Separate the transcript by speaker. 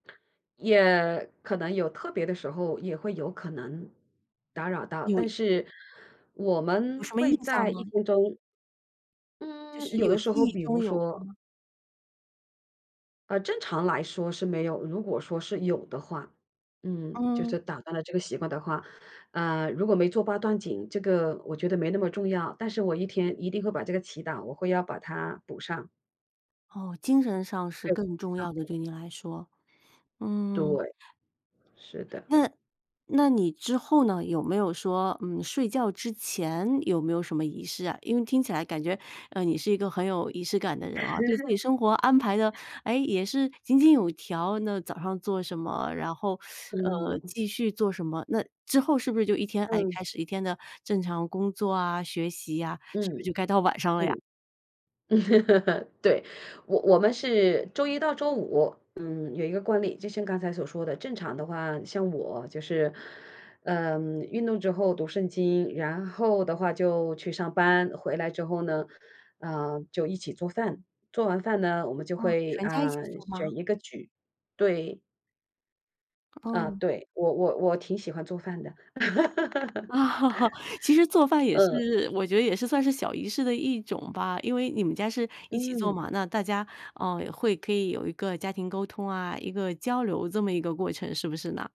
Speaker 1: 也可能有特别的时候也会有可能打扰到，但
Speaker 2: 有
Speaker 1: 是我
Speaker 2: 有
Speaker 1: 们
Speaker 2: 什么印
Speaker 1: 会
Speaker 2: 象
Speaker 1: 在1
Speaker 2: 吗？
Speaker 1: 分钟
Speaker 2: 就
Speaker 1: 嗯，
Speaker 2: 是
Speaker 1: 有
Speaker 2: 有
Speaker 1: 的时
Speaker 2: 记
Speaker 1: 候
Speaker 2: 忆
Speaker 1: 比
Speaker 2: 中
Speaker 1: 如
Speaker 2: 有过
Speaker 1: 说
Speaker 2: 吗？
Speaker 1: 呃，正常来说是没有。如果说是有的话嗯，就
Speaker 2: 嗯。
Speaker 1: 是打断了这个习惯的话，呃，如果没做八段锦，这个我觉得没那么重要，但是我一天一定会把这个祈祷，我会要把它补上。
Speaker 2: 哦，精神上是
Speaker 1: 对，
Speaker 2: 更重
Speaker 1: 上
Speaker 2: 要的，
Speaker 1: 帝。
Speaker 2: 对你来说，嗯。
Speaker 1: 对，是的。
Speaker 2: 那那你之后呢，有没有说嗯，睡觉之前有没有什么仪式啊？因为听起来感觉，呃，你是一个很有仪式感的人啊，对自己生活安排得，诶，也是井井有条，那早上做什么，然后 呃，
Speaker 1: 嗯。
Speaker 2: 继续做什么。那之后是不是就一天哎，
Speaker 1: 嗯。
Speaker 2: 开始一天的正常工作啊、学习啊，是不
Speaker 1: 嗯，
Speaker 2: 是就该到晚上了呀？
Speaker 1: 嗯。对，我我们是周一到周五。嗯，有一个惯例，就像刚才所说的，正常的话像我就是呃，运动之后读圣经，然后的话就去上班，回来之后呢。呃，就一起做饭，做完饭呢，我们就
Speaker 2: 哦，
Speaker 1: 会，
Speaker 2: 全家一起
Speaker 1: 嗯，
Speaker 2: 住吗？
Speaker 1: 选一个举。对。啊，
Speaker 2: 哦。
Speaker 1: 对，我我我挺喜欢做饭的。
Speaker 2: 其实做饭也
Speaker 1: 嗯。
Speaker 2: 是我觉得也是算是小仪式的一种吧。因为你们家是一起做
Speaker 1: 嗯。
Speaker 2: 嘛，那大家，嗯，会可以有一个家庭沟通啊，一个交流这么一个过程，是不是呢？